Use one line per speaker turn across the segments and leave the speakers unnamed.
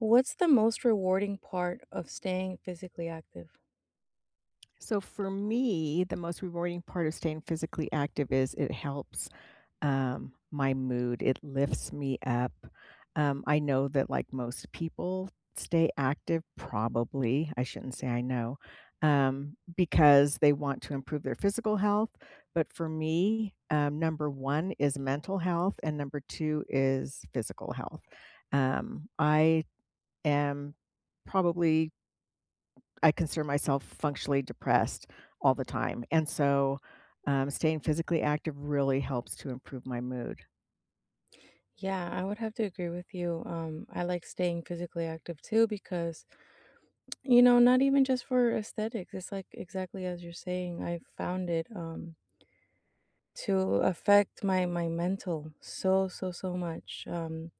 What's the most rewarding part of staying physically active?
So, for me, the most rewarding part of staying physically active is, it helps, um, my mood. It lifts me up. Um, I know that, like, most people stay active, probably, I shouldn't say I know, um, because they want to improve their physical health. But for me, um, number 1 is mental health, and number 2 is physical health. Um, I am probably I consider myself functionally depressed all the time, and so, um, staying physically active really helps to improve my mood.
Yeah, I would have to agree with you, um, I like staying physically active too because, you know, not even just for aesthetics. It's, like, exactly as you're saying. I found it, um to affect my my mental so, so, so much, um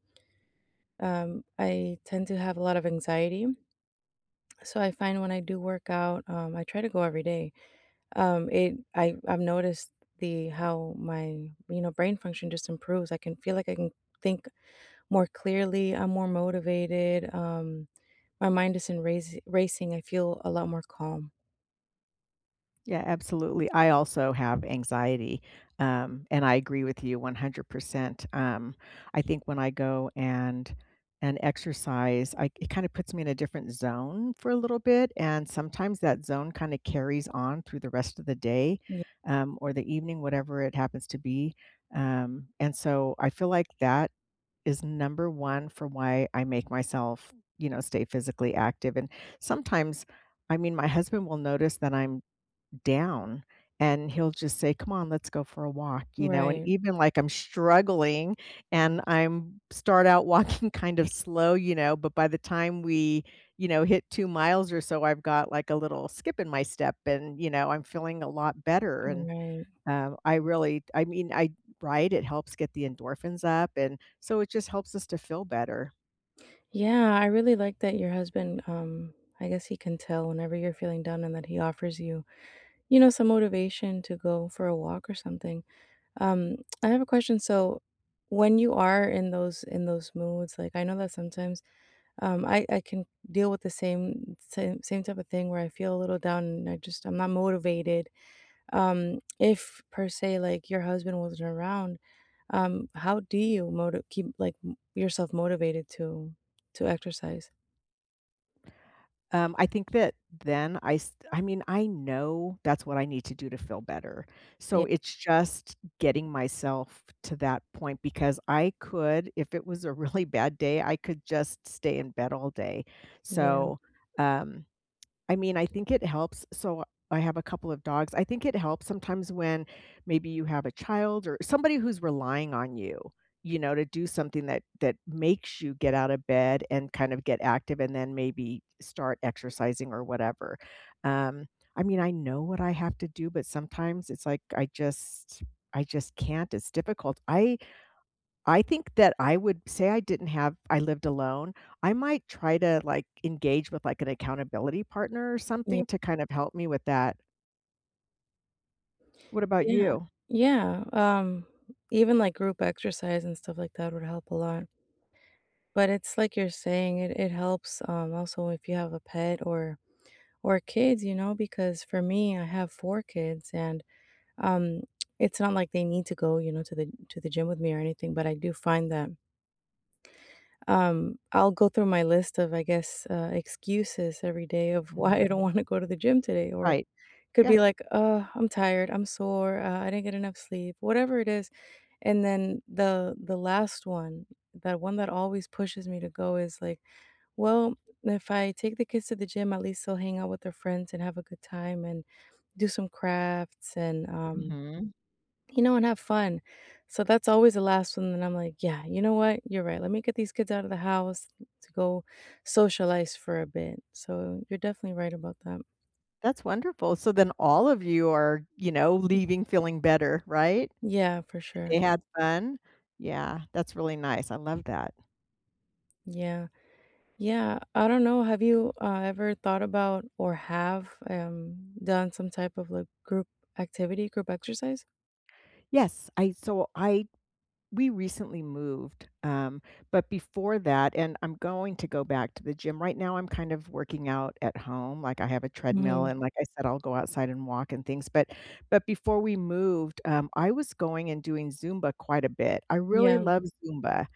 Um, I tend to have a lot of anxiety so, I find when I do work out, um I try to go every day. Um, It I I've noticed the how my, you know, brain function just improves, I can feel like I can think more clearly, I'm more motivated, um, my mind isn't raci racing, I feel a lot more calm.
Yeah, absolutely, I also have anxiety, um, and I agree with you 100%.. Um, I think when I go and and exercise, I it kinda puts me in a different zone for a little bit, and sometimes that zone kinda carries on through the rest of the day,
Ye
um, or the evening, whatever it happens to be. Um, and so, I feel like that is number 1 for why I make myself, you know, stay physically active. And sometimes, I mean, my husband will notice that I'm down, and he'll just say, "Come on. Let's go for a walk." You know? And
Right.
even, like, I'm struggling, and I'm start out walking kind of slow. You know? But by the time we, you know, hit 2 miles or so, I've got, like, a little skip in my step, and, you know, I'm feeling a lot better. And,
Right.
um, I really I mean, I Right? It helps get the endorphins up, and so it just helps us to feel better.
Yeah, I really like that your husband, um, I guess he can tell whenever you're feeling down, and that he offers you, you know, some motivation to go for a walk or something. Um, I have a question. So, when you rare in those in those moods, like, I know that sometimes, um, I I can deal with the same same same type of thing where I feel a little down, and I just I'm not motivated. Um, if, per se, like, your husband wasn't around, um, how do you moti keep, like, m yourself motivated to to exercise?
Um, I think that then I s I mean, I know that's what I need to do to feel better. So,
Ye
it's just getting myself to that point, because I could if it was a really bad day, I could just stay in bed all day.
Yeah.
So, um, I mean, I think it helps. So, I have a couple of dogs. I think it helps sometimes when maybe you have a child er somebody who's relying on you, you know, to do something that that makes you get out of bed and kind of get active, and then maybe start exercising or whatever. Um, I mean, I know what I have to do, but sometimes it's, like, I just I just can't. It's difficult. I I think that I would say I didn't have I lived alone. I might try to, like, engage with, like, an accountability partner or
Ye
something to kind of help me with that. What about
Yeah.
you?
Yeah, um, even, like, group exercise and stuff like that would help a lot. But it's like you're saying, it it helps, um, also if you have a pet or or kids, you know, because for me, I have 4 kids, and, um, it's not like they need to go, you know, to the to the gym with me or anything, but I do find that Um, I'll go through my list of, I guess, uh, excuses every day of why I don't
Mhm.
wanna go to the gym today, or
Right.
could
Yeah.
be like, "Oh, I'm tired. I'm sore. Uh, I didn't get enough sleep." Whatever it is, and then the the last one, that one that always pushes me to go is, like, "Well, if I take the kids to the gym, at least they'll hang out with their friends, and have a good time, and do some crafts and, um,
Mhm.
you know, and have fun." So, that's always the last one then I'm, like, "Yeah, you know what? You're right. Let me get these kids out of the house t to go socialize for a bit." So, you're definitely right about that.
That's wonderful. So, then all of you are, you know,
[unintelligible]
leaving feeling better, right?
Yeah, for
They
sure.
had fun? Yeah, that's really nice. I love that.
Yeah. Yeah. I don't know. Have you, ah, ever thought about or have, um, done some type of, like, group activity, group exercise?
Yes, I so, I we recently moved, um, but before that and I'm going to go back to the gym, right now I'm kind of working out at home, like, I have a treadmill,
Mhm.
and, like I said, I'll go outside and walk and things, but but before we moved, um, I was going and doing Zumba quite a bit. I really
Yeah.
love Zumba.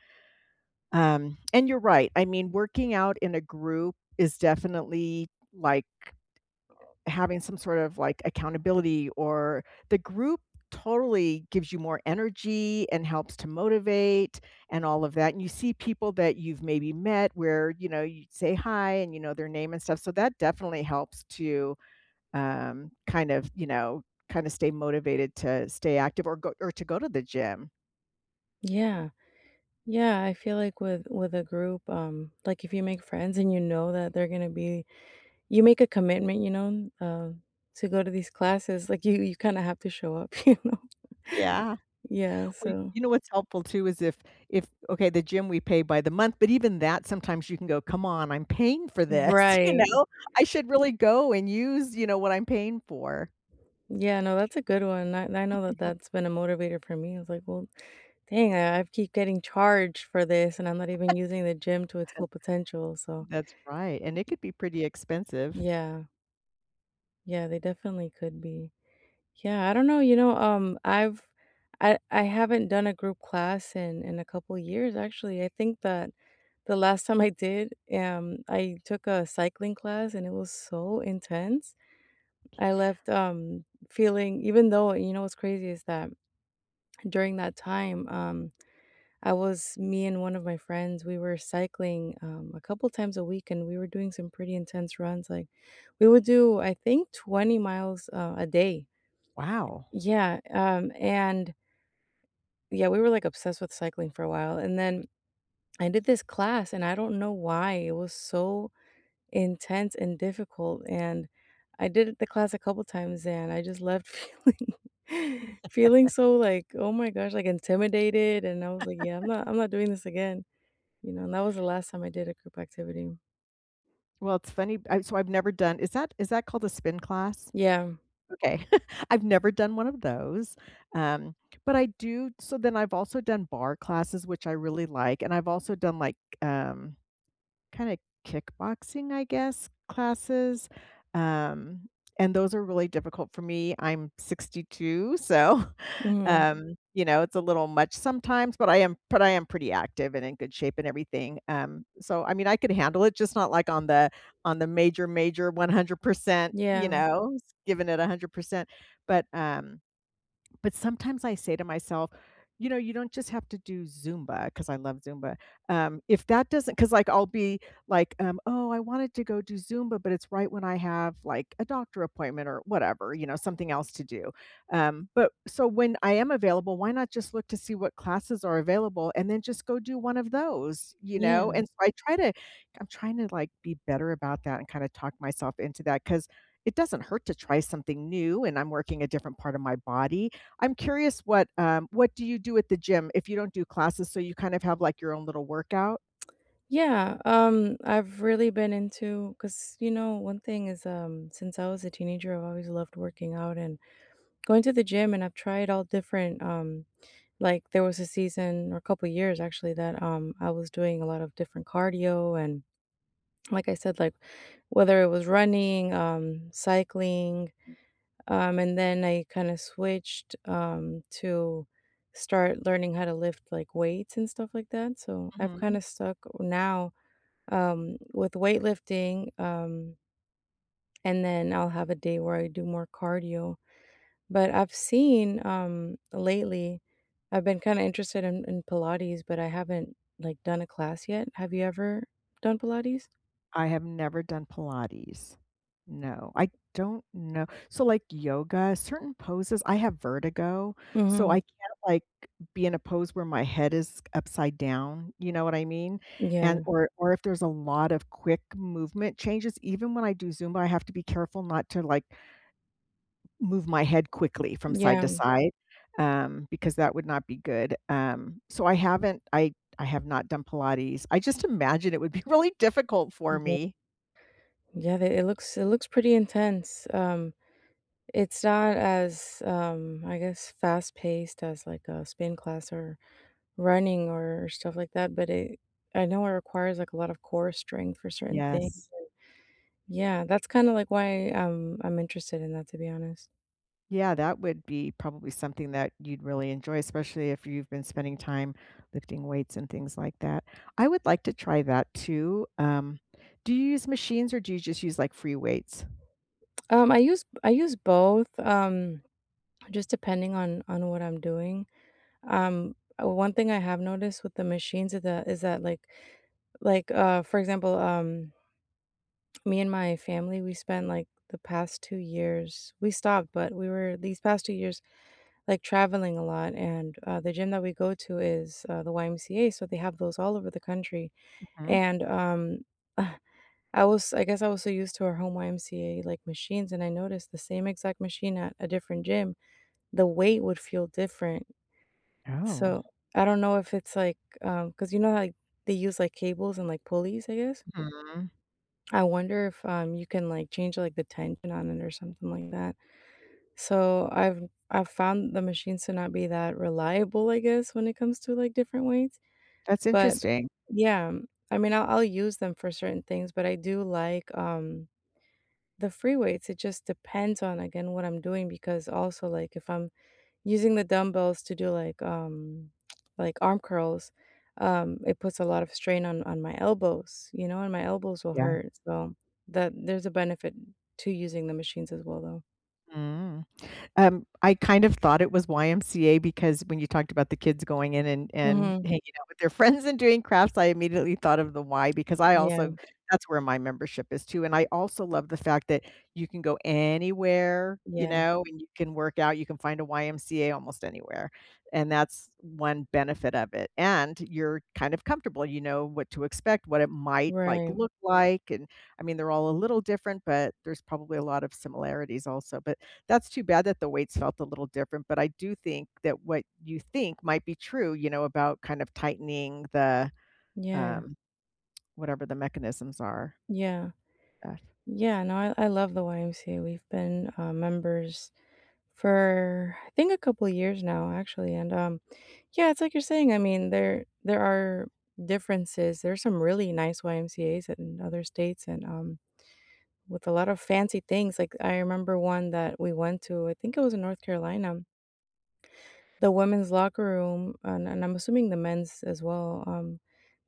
Um, and you're right. I mean, working out in a group is definitely, like having some sort of, like, accountability, or the group totally gives you more energy and helps to motivate and all of that. And you see people that you've maybe met where, you know, you’d say hi and you know their name and stuff. So, that definitely helps to, um, kind of, you know, kinda stay motivated to stay active or go or to go to the gym.
Yeah. Yeah. I feel like with with a group, um, like, if you make friends and you know that they're gonna be you make a commitment, you know, uh, to go to these classes. Like, you you kinda have to show up, you know?
Yeah.
Yeah,
Well,
so.
you know what's helpful too is if if okay, the gym, we pay by the month. But even that, sometimes you can go, "Come on, I'm paying for this." You
Right.
know? "I should really go and use, you know, what I'm paying for."
Yeah, no, that's a good one. I I know that that's been a motivator for me. I was like, "Well, dang. I keep getting charged for this, and I'm not even using the gym to its full potential." So
That's right, and it could be pretty expensive.
Yeah. Yeah, they definitely could be. Yeah, I don't know, you know, um, I've I I haven't done a group class in in a couple years, actually. I think that the last time I did, um, I took a cycling class, and it was so intense. I left, um, feeling even though you know what's crazy? Is that during that time, um, I was me and one of my friends, we were cycling, um, a couple times a week, and we were doing some pretty intense runs. Like, we would do, I think, 20 miles, uh, a day.
Wow.
Yeah, um, and Yeah, we were, like, obsessed with cycling for a while, and then I did this class, and I don't know why, it was so intense and difficult, and I did the class a couple times, and I just left feeling feeling so, like, oh my gosh, like, intimidated, and I was like, "Yeah, I'm not I'm not doing this again." You know, and that was the last time I did a group activity.
Well, it's funny b so I've never done is that is that called a spin class?
Yeah.
Okay I've never done one of those. um, but I do so then I've also done barre classes, which I really like, and I've also done, like, um, kinda kickboxing, I guess, classes, um, and those are really difficult for me. I'm 62, so,
Mhm.
um, you know, it's a little much sometimes, but I am but I am pretty active and in good shape and everything, um, so, I mean, I could handle it, just not like on the on the major, major 100%, you
Yeah.
know, giving it 100%. But, um, but sometimes I say to myself, "You know, you don't just have to do Zumba," 'cause I love Zumba, um, if that doesn't 'cause, like, I'll be like, um, "Oh, I wanted to go do Zumba," but it's right when I have, like, a doctor appointment or whatever, you know, something else to do. Um, but so, when I am available, why not just look to see what classes are available and then just go do one of those? You know?
Yeah.
And so, I try to I'm trying to, like, be better about that and kinda talk myself into that 'cause it doesn't hurt to try something new, and I'm working a different part of my body. I'm curious what, um, what do you do at the gym if you don't do classes so you kinda have, like, your own little workout?
Yeah, um, I've really been into 'cause, you know, one thing is, um, since I was a teenager, I've always loved working out and going to the gym, and I've tried all different, um, like there was a season or a couple years, actually, that, um, I was doing a lot of different cardio. And, like I said, like, whether it was running, um, cycling, um, and then I kinda switched, um, to start learning how to lift, like, weights and stuff like that, so, I've
Mhm.
kinda stuck now, um, with weightlifting, um and then I'll have a day where I do more cardio. But I've seen, um, lately, I've been kinda interested in in Pilates, but I haven't, like, done a class yet, have you ever done Pilates?
I have never done Pilates. No, I don't know so, like, yoga, certain poses I have vertigo, so I
Mhm.
can't, like, be in a pose where my head is upside down. You know what I mean? And
Yeah.
or or if there's a lot of quick movement changes, even when I do Zumba, have to be careful not to, like move my head quickly from
Yeah.
side-to-side, um, because that would not be good, um, so, I haven't I I have not done Pilates I just imagine it would be really difficult for
Yep.
me.
Yeah, th it looks it looks pretty intense. Um, it's not as, um, I guess, fast paced as, like, a spin class or running or stuff like that, but it I know it requires, like, a lot of core strength for certain things
Yes.
Yeah that's kinda, like, why I'm I'm interested in that, to be honest.
Yeah, that would be probably something that you'd really enjoy, especially if you've been spending time lifting weights and things like that. I would like to try that too, um, do you use machines, or do you just use, like, free weights?
Um, I use b I use both, um, just depending on on what I'm doing. Um, 1 thing I have noticed with the machines is the is that, like like, uh, for example, um me and my family, we spent, like, the past 2 years we stopped, but we were, these past 2 years, like, traveling a lot. And, uh, the gym that we go to is, uh, the YMCA, so they have those all over the country.
Mhm.
And, um, I was I guess I was so used to our home YMCA, like, machines, and I noticed the same exact machine at a different gym. The weight would feel different.
Oh.
So, I don't know if it's like, um 'cause, you know, like, they use, like, cables and, like, pulleys, I guess?
Mhm.
I wonder if, um, you can, like, change, like, the tension on it or something like that. So, I've I've found the machines to not be that reliable, I guess, when it comes to, like, different weights.
That's
But
interesting.
yeah. I mean, I'll I'll use them for certain things, but I do like, um, the free weights. It just depends on, again, what I'm doing because, also, like, if I'm using the dumbbells to do, like, um, like arm curls, um, it puts a lot of strain on on my elbows, you know? And my elbows will
Yeah.
hurt. So that there's a benefit to using the machines as well, though.
Mm. Um, I kind of thought it was YMCA because when you talked about the kids going in and and
Mhm.
hanging out with their friends and doing crafts, I immediately thought of the Y because I
Yeah.
also that's where my membership is too, and I also love the fact that you can go anywhere, you
Yeah.
know? You can work out, you can find a YMCA almost anywhere, and that's one benefit of it. And you're kind of comfortable, you know what to expect, what it might, like,
Right.
look like, and, I mean, they're all a little different, but there's probably a lot of similarities also, but that's too bad that the weights felt a little different, but I do think that what you think might be true, you know, about kind of tightening the,
Yeah.
um, whatever the mechanisms are.
Yeah.
Uh
Yeah. No, I I love the YMCA, we've been, uh, members for, I think, a couple years now, actually, and, um yeah, it's like you're saying, I mean, there there are differences, there are some really nice YMCAs in other states and, um, with a lot of fancy things. Like, I remember 1 that we went to. I think it was in North Carolina. The women's locker room, uh and I'm assuming the men's as well, um,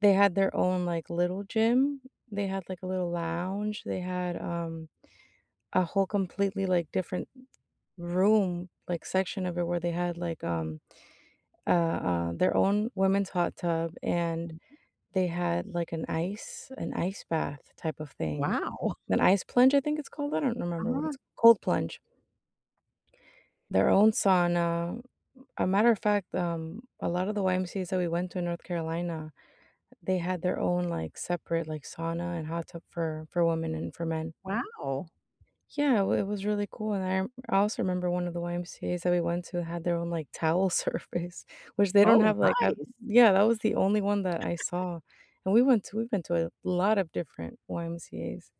they had their own, like, little gym. They had, like, a little lounge. They had, um, a whole completely, like, different room, like, section of it where they had, like, um, uh uh, their own women's hot tub, and
Mhm.
they had, like, an ice an ice bath type of thing.
Wow.
An ice plunge, I think it's called, I don't remember what
Uh.
it's cold plunge. Their own sauna. A matter of fact, um, a lot of the YMCAs that we went to in North Carolina, they had their own, like, separate, like, sauna and hot tub for for women and for men.
Wow.
Yeah, it wa it was really cool, and I I also remember one of the YMCAs that we went to had their own, like, towel service, which they don't
Oh,
have, like, a
nice!
yeah, that was the only one that I saw. And we went to we went to a lot of different YMCAs.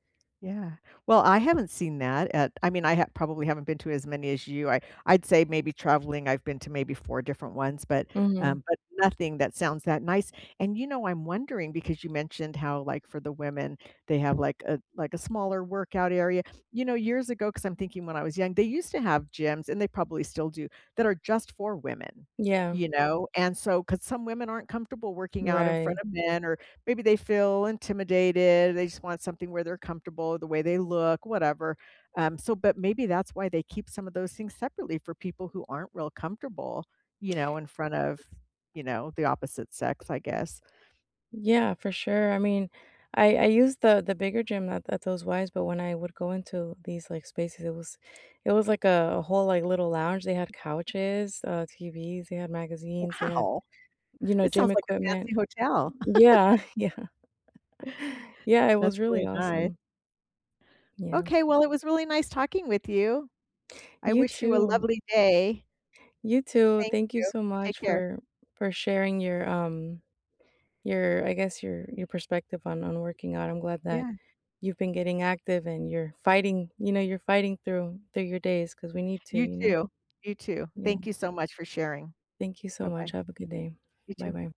Yeah. Well, I haven't seen that at I mean, I ha probably haven't been to as many as you. I I'd say maybe traveling, I've been to maybe 4 different ones, but,
Mhm.
um, but nothing that sounds that nice. And, you know, I'm wondering because you mentioned how, like, for the women, they have, like, a like, a smaller workout area. You know, years ago, 'cause I'm thinking when I was young, they used to have gyms, and they probably still do, that are just for women,
Yeah.
you know? And so 'cause some women aren't comfortable working out in front
Right.
of men or maybe they feel intimidated, they just want something where they're comfortable, the way they look, whatever. Um, so but maybe that's why they keep some of those things separately for people who aren't real comfortable, you know, in front of, you know, the opposite sex, I guess.
Yeah. For sure, I mean, I I used the the bigger gym at at those Ys, but when I would go into these, like, spaces, it was it was like a a whole, like, little lounge, they had couches, uh, TVs. They had magazines, they had,
Wow.
you know,
It
gym
sounds like a fancy
equipment.
hotel.
Yeah. Yeah. Yeah, it was
That's
really
really nice.
awesome. Yeah.
Okay, well, it was really nice talking with you. I
You
wish you a
too.
lovely day.
You too.
Thank
Thank you
you.
so
Take
much
care.
for for sharing your, um, your, I guess, your your perspective on on working out, I'm glad that
Yeah.
you've been getting active and you're fighting, you know, you're fighting through through your days 'cause we need to,
You
you know?
too. You too.
Yeah.
Thank you so much for sharing.
Thank you so much,
Bye-bye.
have a good day.
You too.
Bye-bye.